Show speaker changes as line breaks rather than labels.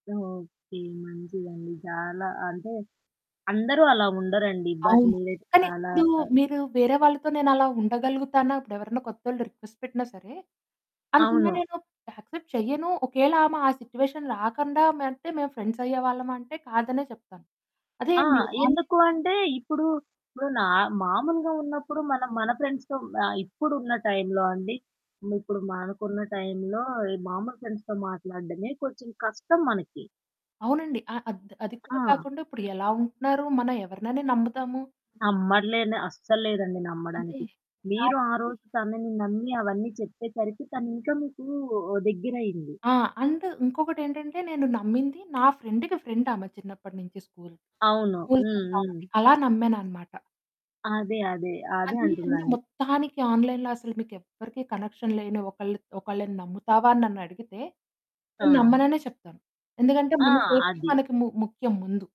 Okay. మంచిదండి. చాలా అంటే, అందరూ అలా ఉండరండి. బట్
అవును.
మీరు
కానీ
చాలా
ఇప్పుడు మీరు వేరే వాళ్ళతో నేనలా ఉండగలుగుతానా? ఇప్పుడెవరైనా కొత్తోళ్ళు రిక్వెస్ట్ పెట్టినా సరే, అందుకని
అవును.
నేను యాక్సెప్ట్ చేయను. ఒకవేళ ఆమె ఆ సిట్యుయేషన్ రాకుండా ఉంటే మేము ఫ్రెండ్స్ అయ్యేవాళ్ళమా అంటే, కాదనే చెప్తాను. అదే
ఆ!
అండి. ఆన్‌లైన్‌
ఎందుకు అంటే ఇప్పుడు, ఇప్పుడు నా మామూలుగా ఉన్నప్పుడు మనం మన ఫ్రెండ్స్‌తో ఆహ్, ఇప్పుడున్న టైమ్‌లో అండి. ఇప్పుడు మనకున్న టైమ్‌లో మామూలు ఫ్రెండ్స్‌తో మాట్లాడడమే కొంచెం కష్టం మనకి.
అవునండి. ఆహ్, అద్ అది కూడా
ఆ!
కాకుండా ఇప్పుడు ఎలా ఉంటున్నారు? మనం ఎవరినని నమ్ముతాము?
నమ్మట్లేండి. అస్సలు లేదండి
అదే.
నమ్మడానికి. మీరు ఆ
కాబట్టి
రోజు తనని నమ్మి అవన్నీ చెప్పేసరికి తను ఇంకా మీకు దగ్గరయింది.
ఆ! అండ్ ఇంకొకటేంటంటే నేను నమ్మింది నా ఫ్రెండ్‌కి ఫ్రెండ్ ఆమె. చిన్నప్పటి నుంచి స్కూలు.
అవును.
స్కూలు
హ్మ్.
ఫ్రెండ్
హ్మ్.
కాబట్టి అలా నమ్మాననమాట.
అదే, అదే. అదే
అది
అంటున్నా
అండి.
అండి.
మొత్తానికి ఆన్‌లైన్‌లో అసలు మీకెవ్వరికీ కనెక్షన్ లేని ఒకళ్ళు ఒకళ్ళని నమ్ముతావా అని నన్నడిగితే, నేను
ఆ!
నమ్మననే చెప్తాను. ఎందుకంటే
ఆ!
మన సేఫ్టీ
అది.
మనకి ము ముఖ్యం ముందు.